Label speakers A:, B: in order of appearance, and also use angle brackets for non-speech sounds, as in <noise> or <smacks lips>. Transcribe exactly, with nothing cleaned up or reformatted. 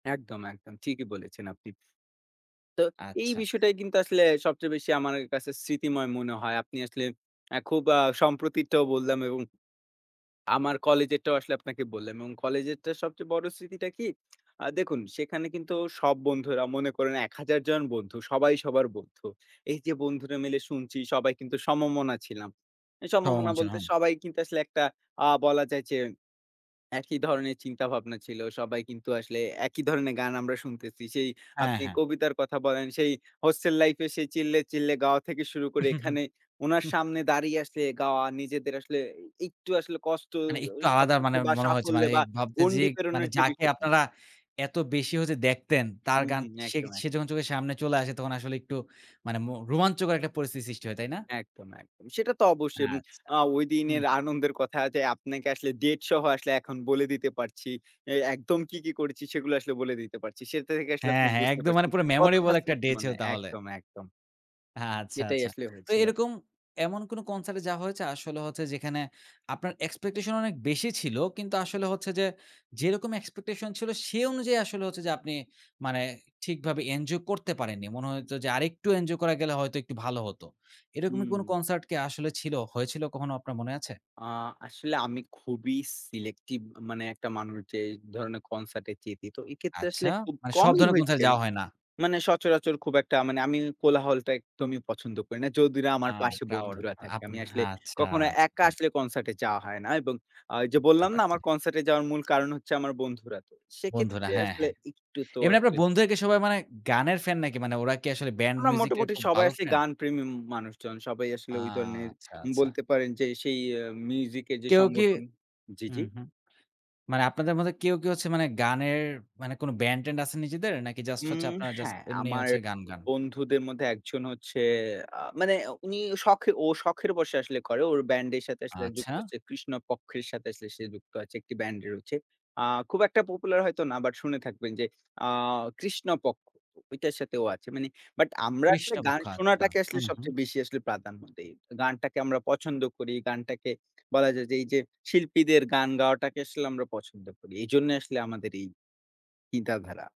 A: একদম, একদম। ঠিকই বলেছেন আপনি। তো এই
B: আচ্ছা।
A: বিষয়টাই কিন্তু আসলে সবচেয়ে বেশি আমার অ্যা কাছে স্মৃতিময় মনে হয়। আপনি আসলে আ খুব আ সম্প্রতিরটাও বললাম এবং আমার কলেজেরটাও আসলে আপনাকে বললাম এবং কলেজেরটা সবচেয়ে বড় স্মৃতিটা কি <smacks lips> আ দেখুন সেখানে কিন্তু সব বন্ধুরা মনে করেন এক হাজার জন বন্ধু। সবাই সবার বন্ধু। এইযে বন্ধুরা মিলে শুনছি সবাই কিন্তু সমমনা ছিলাম। এই
B: সমমনা
A: সমমনা বলতে,
B: ছিলাম।
A: সবাই কিন্তু আসলে একটা আ বলা যায় যে একই ধরনের চিন্তা ভাবনা ছিল। সবাই কিন্তু আসলে একই ধরনের গান আমরা শুনতেছি। সেই
B: হ্যাঁ,
A: আপনি
B: হ্যাঁ।
A: কবিতার কথা বলেন, সেই হোস্টেল লাইফে সে চিল্লে, চিল্লে গাওয়া থেকে শুরু
B: উ,
A: করে,
B: হু, হুম।
A: এখানে ওনার
B: হুম।
A: সামনে দাঁড়িয়ে আছে গাওয়া নিজেদের আসলে এ একটু আসলে কষ্ট
B: মানে
A: অ
B: একটু আলাদা
A: সবকিছু
B: মানে
A: বা,
B: মনে হয়েছে
A: সাফল্য
B: মানে
A: বা,
B: ভাবতে যে
A: গণ্ডি
B: মানে
A: প্রেরণের যে
B: যাকে
A: বিষয়টি
B: আপনারা এত বেশি হচ্ছে দেখতেন, তার
A: হুম,
B: গান
A: হুম।
B: সে
A: একদম,
B: সে
A: একদম।
B: যখন চোখের সামনে চলে আসে, তখন আসলে একটু মানে মো রোমাঞ্চকর একটা পরিস্থিতি সৃষ্টি হয়। তাই না?
A: একদম, একদম। সেটা তো অবশ্যই। উম
B: আচ্ছা।
A: আ ওই
B: হুম।
A: দিনের আনন্দের কথা যে আপনাকে আসলে date সহ আসলে এখন বলে দিতে পারছি। এই একদম কি, কি করেছি, সেগুলো আসলে বলে দিতে পারছি। সেটা থেকে আসলে
B: হ্যাঁ,
A: আপনি
B: হ্যাঁ,
A: বুঝতে
B: একদম মানে
A: পারছেন
B: পুরো
A: কতটা
B: memorable একটা
A: স্মৃতি
B: day
A: মানে
B: ছিল তাহলে।
A: একদম, একদম।
B: এ আচ্ছা,
A: সেটাই
B: আচ্ছা।
A: আসলে
B: তো
A: হয়েছিল।
B: এরকম এমন কোনো concert এ যাওয়া হয়েছে? আসলে হচ্ছে যেখানে আপনার expectation অনেক বেশি ছিল। কিন্তু আসলে হচ্ছে যে, যেরকম expectation ছিল সে অনুযায়ী আসলে হচ্ছে যে আপনি মানে ঠিকভাবে এঞ্জয় করতে পারেননি। মনে হইতো যে আরেকটু এঞ্জয় করা গেলে হয়তো একটু ভালো হতো। এরকমের কোনো
A: হুম।
B: concert কি আসলে ছিল? হয়েছিল কখনো? আপনার মনে আছে?
A: আ আসলে আমি খুবই selective এ মানে একটা মানুষ, যে ধরণের concert এ যেতে। তো এক্ষেত্রে
B: আচ্ছা,
A: আসলে খুব
B: মানে সব
A: কমই
B: ধরনের concert
A: হয়েছে।
B: এ যাওয়া হয় না।
A: মানে সচরাচর খুব একটা মানে আমি কোলাহলটা একদমই পছন্দ করি না। যদি না
B: আ
A: আমার পাশে
B: crowd।
A: বন্ধুরা থাকে। আমি
B: আপনা
A: আসলে
B: আচ্ছা,
A: কখনো একা
B: আচ্ছা।
A: আসলে concert এ যাওয়া হয় না এবং অ ওইযে
B: বুঝতে
A: বললাম না,
B: পারছি।
A: আমার concert এ যাওয়ার মূল কারণ হচ্ছে আমার বন্ধুরা। তো
B: বন্ধুরা
A: সেক্ষেত্রে
B: হ্যাঁ,
A: আসলে
B: হ্যাঁ।
A: একটু তো
B: এমনি আপনার
A: আসলে
B: বন্ধুরা কি সবাই মানে গানের ফ্যান নাকি? মানে ওরা কি আসলে band
A: আমরা
B: music এর
A: মোটামুটি
B: খুব
A: সবাই
B: ভালো
A: আসলে
B: ফ্যান?
A: গানপ্রেমী উম মানুষজন। সবাই আসলে
B: আ
A: ঐ ধরনের
B: আচ্ছা, আচ্ছা।
A: বলতে পারেন যে সেই আ মিউজিকের যে
B: কেউ কি?
A: সংগঠন জি, জি।
B: হুম, হুম। মানে আপনাদের মধ্যে কেউ কি হচ্ছে মানে গানের মানে কোন ব্যান্ড-ট্যান্ড আছে নিজেদের? নাকি জাস্ট হচ্ছে
A: উম
B: আপনারা জাস্ট
A: হ্যাঁ।
B: এমনি
A: আমার
B: হচ্ছে গান গান?
A: বন্ধুদের মধ্যে একজন হচ্ছে আ মানে উনি শখ ও শখের বসে আসলে করে। ওর ব্যান্ডের সাথে আসলে যুক্ত
B: আচ্ছা।
A: হচ্ছে কৃষ্ণপক্ষের সাথে আসলে সে যুক্ত আছে। একটি ব্যান্ড রয়েছে। আ খুব একটা popular হয়তো না, বাট শুনে থাকবেন যে আ কৃষ্ণপক্ষ। ঐটার সাথে ও আছে। মানে বাট আমরা আসলে
B: পৃষ্ঠা
A: গান
B: মুখা আচ্ছা
A: শোনাটাকে আসলে
B: হুম, হুম।
A: সবচেয়ে বেশি আসলে প্রাধান্য দেই। গানটাকে আমরা পছন্দ করি। গানটাকে বলা যায় যে এইযে শিল্পীদের গান গাওয়াটাকে আসলে আমরা পছন্দ করি। এইজন্যই আসলে আমাদের এই কিঁদা ধারা।